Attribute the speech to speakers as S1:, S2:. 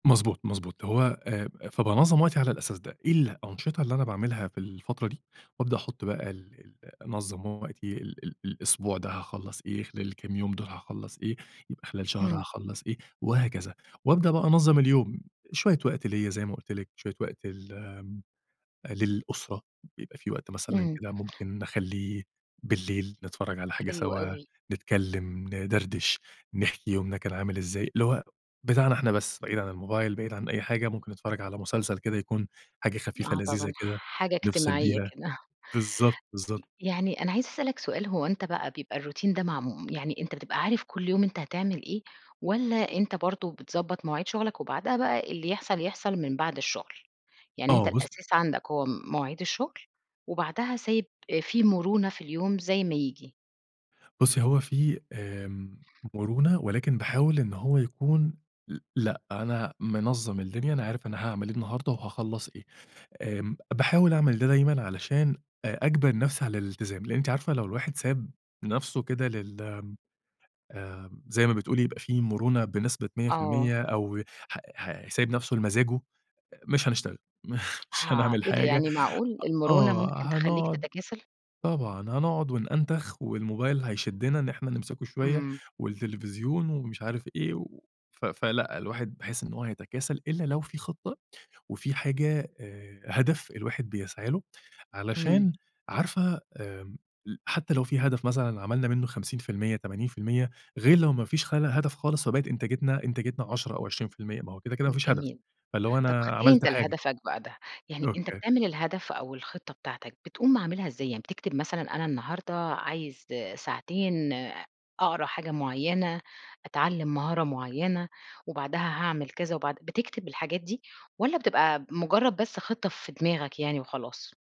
S1: مضبوط، مضبوط، هو آآ فبانظّم وقتي على الأساس ده، إيه الأنشطة اللي أنا باعملها في الفترة دي، وأبدأ أحُطّ بقى ال ال أنظّم وقتي، ال ال الأسبوع ده هاخلّص إيه، خلال الكام يوم دول هاخلّص إيه، يبقى خلال شهر
S2: اهم.
S1: هاخلّص إيه، وهكذا وأبدأ بقى أنظّم اليوم، شوية وقت ليا زي ما قُلت لِك، شوية وقت لل آمم للأُسرة، بيبقى في وقت مثلًا
S2: إمم.
S1: كده ممكن نخلّيه بالليل، نتفرّج على حاجة
S2: حلو
S1: سوا،
S2: أوي.
S1: نتكلّم، ندردش، نحكي يومنا كان عامل إزاي، اللي هو بتاعنا إحنا بس بعيد عن الموبايل بعيد عن أي حاجة، ممكن نتفرّج على مسلسل كده يكون حاجة خفيفة
S2: آه
S1: لذيذة
S2: طبعًا،
S1: كده،
S2: حاجة
S1: نفصل
S2: اجتماعيّة
S1: بيها،
S2: كده.
S1: بالضبط،
S2: ي
S1: بالضبط.
S2: يعني أنا عايزة اسألك سؤال هو أنت بقى بيبقى الRoutine ده معموم يعني أنت بتبقى عارف كُلّ يوم أنت هتعمل إيه؟ والّا أنت برضه بتضبط مواعيد شُغلك، وبعدها بقى اللي يحصل يحصل من بعد الشُّغل؟ يعني أنت
S1: آه بُص
S2: الأساس عندك هو مواعيد الشُّغل، وبعدها سايب آآ في مرونة في اليوم زي ما ييجي.
S1: بُصي هو في آمم مرونة ولكن باحاول إن هو يكون ل لأ أنا منظّم الدنيا، أنا عارف أنا هاعمل إيه النهارده وهاخلّص إيه، آمم باحاول أعمل ده دايمًا، علشان أ أجبِر نفسي على الالتزام، لإن أنتِ عارفة لو الواحد ساب نفسه كده لل آمم زي ما بتقولي يبقى في مُرونة بنسبة مِيّة في
S2: آه.
S1: المِيّة أو ح ح سايب نفسُه لمزاجُه، مش هنشتغل م مش
S2: ها
S1: هنعمل
S2: إيه ده
S1: حاجة،
S2: يعني معقول!
S1: أ
S2: المرونة
S1: آه،
S2: ممكن تخلّيك
S1: هنقعُد
S2: تتكاسل؟
S1: طبعًا، هنقعُد ونأنتخ، والموبايل هيشدّنا إن إحنا نمسكه شوية
S2: إمم.
S1: والتلفزيون ومش عارف إيه، و ف فلأ الواحد باحس إن هو هيتكاسل، إلّا لو في خطّة، وفي حاجة آآ هدف الواحد بيسعى له،
S2: اهم.
S1: علشان عارفة آمم ل حتى لو في هدف مثلًا عملنا منُّه 50% 80% غير لو ما فيش خلى هدف خالص، فبقت إنتاجتنا إنتاجتنا 10 أو 20% ما هو كده، كده ما
S2: امم
S1: فيش هدف،
S2: جميل.
S1: فاللي هو
S2: طب،
S1: أنا
S2: [unintelligible]
S1: عملت
S2: أنت
S1: حاجة.
S2: لهدفك بقى ده، يعني أنت
S1: أوكي.
S2: بتعمل الهدف أو الخطّة بتاعتك، بتقوم عاملها إزاي، يعني بتكتب مثلًا أنا النهارده عايز آآ ساعتين أقرا حاجة مُعيّنة، أتعلم مهارة مُعيّنة، وبعدها هاعمل كذا وبعد بتكتب الحاجات دي، والّا بتبقى ب مُجرّد بس خطّة في دماغك يعني وخلاص؟